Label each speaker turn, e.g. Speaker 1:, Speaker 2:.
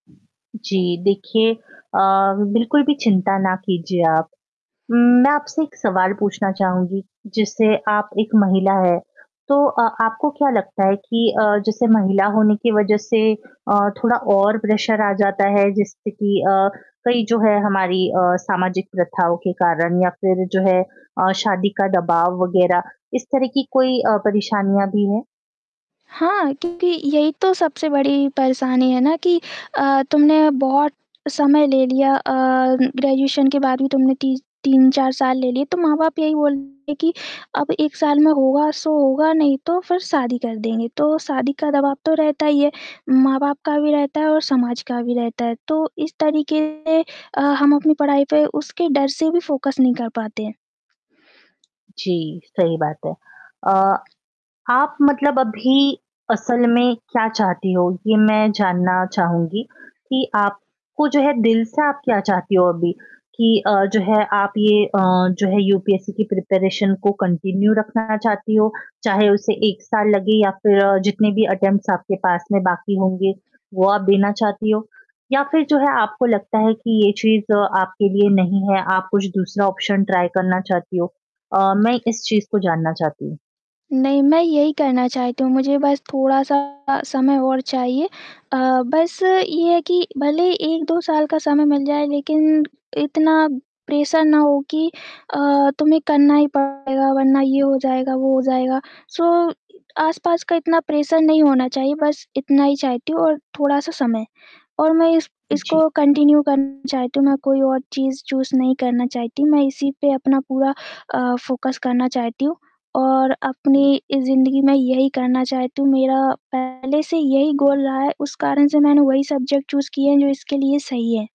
Speaker 1: जी देखिए, अ, बिल्कुल भी चिंता ना कीजिए आप। उम, मैं आपसे एक सवाल पूछना चाहूँगी। जैसे आप एक महिला हैं, तो अ, आपको क्या लगता है कि अ, जैसे महिला होने की वजह से अ, थोड़ा और प्रेशर आ जाता है। जिससे कि अ, कई जो है हमारी अ, सामाजिक प्रथाओं के कारण या फिर जो है अ, शादी का दबाव वग़ैरह। इस तरह की अ, कोई परेशानियाँ भी हैं?
Speaker 2: हाँ, क्योंकि यही तो सबसे बड़ी परेशानी है ना कि अ, तुमने बहुत समय ले लिया। अ, ग्रेजुएशन के बाद भी तुमने ती 3-4 साल ले लिए, तो माँ-बाप यही बोलते हैं कि अब 1 साल में होगा सो होगा नहीं तो फिर शादी कर देंगे। तो शादी का दबाव तो रहता ही है। माँ-बाप का भी रहता है और समाज का भी रहता है। तो इस तरीके अ, हम अपनी पढ़ाई पे उसके डर से भी फोकस नहीं कर पाते हैं।
Speaker 1: जी, सही बात है। अ, आप मतलब अभी असल में क्या चाहती हो, ये मैं जानना चाहूँगी कि आप को जो है दिल से आप क्या चाहती हो अभी? कि अ, जो है आप ये अ, जो है यूपीएससी की प्रिपरेशन को कंटिन्यू रखना चाहती हो, चाहे उसे 1 साल लगे या फिर जितने भी अटेम्प्ट्स आपके पास में बाकी होंगे वो आप देना चाहती हो या फिर जो है आपको लगता है कि ये चीज़ आपके लिए नहीं है। आप कुछ दूसरा ऑप्शन ट्राई करना चाहती हो। अ, मैं इस चीज़ को जानना चाहती हूँ।
Speaker 2: नहीं, मैं यही करना चाहती हूँ। मुझे बस थोड़ा-सा समय और चाहिए। अ, बस ये है कि भले 1-2 साल का समय मिल जाए लेकिन इतना प्रेशर ना हो कि अ, तुम्हें करना ही पड़ेगा वरना ये हो जाएगा, वो हो जाएगा। सो आसपास का इतना प्रेशर नहीं होना चाहिए। बस इतना ही चाहती हूँ और थोड़ा-सा समय और मैं इस
Speaker 1: जी।
Speaker 2: इसको कंटिन्यू करना चाहती हूँ। मैं कोई और चीज़ चूज़ नहीं करना चाहती। मैं इसी पे अपना पूरा अ, फोकस करना चाहती हूँ और अपनी इ ज़िंदगी में यही करना चाहती हूँ। मेरा पहले से यही गोल रहा है। उस कारण से मैंने वही सब्जेक्ट चूज़ किए हैं जो इसके लिए सही है।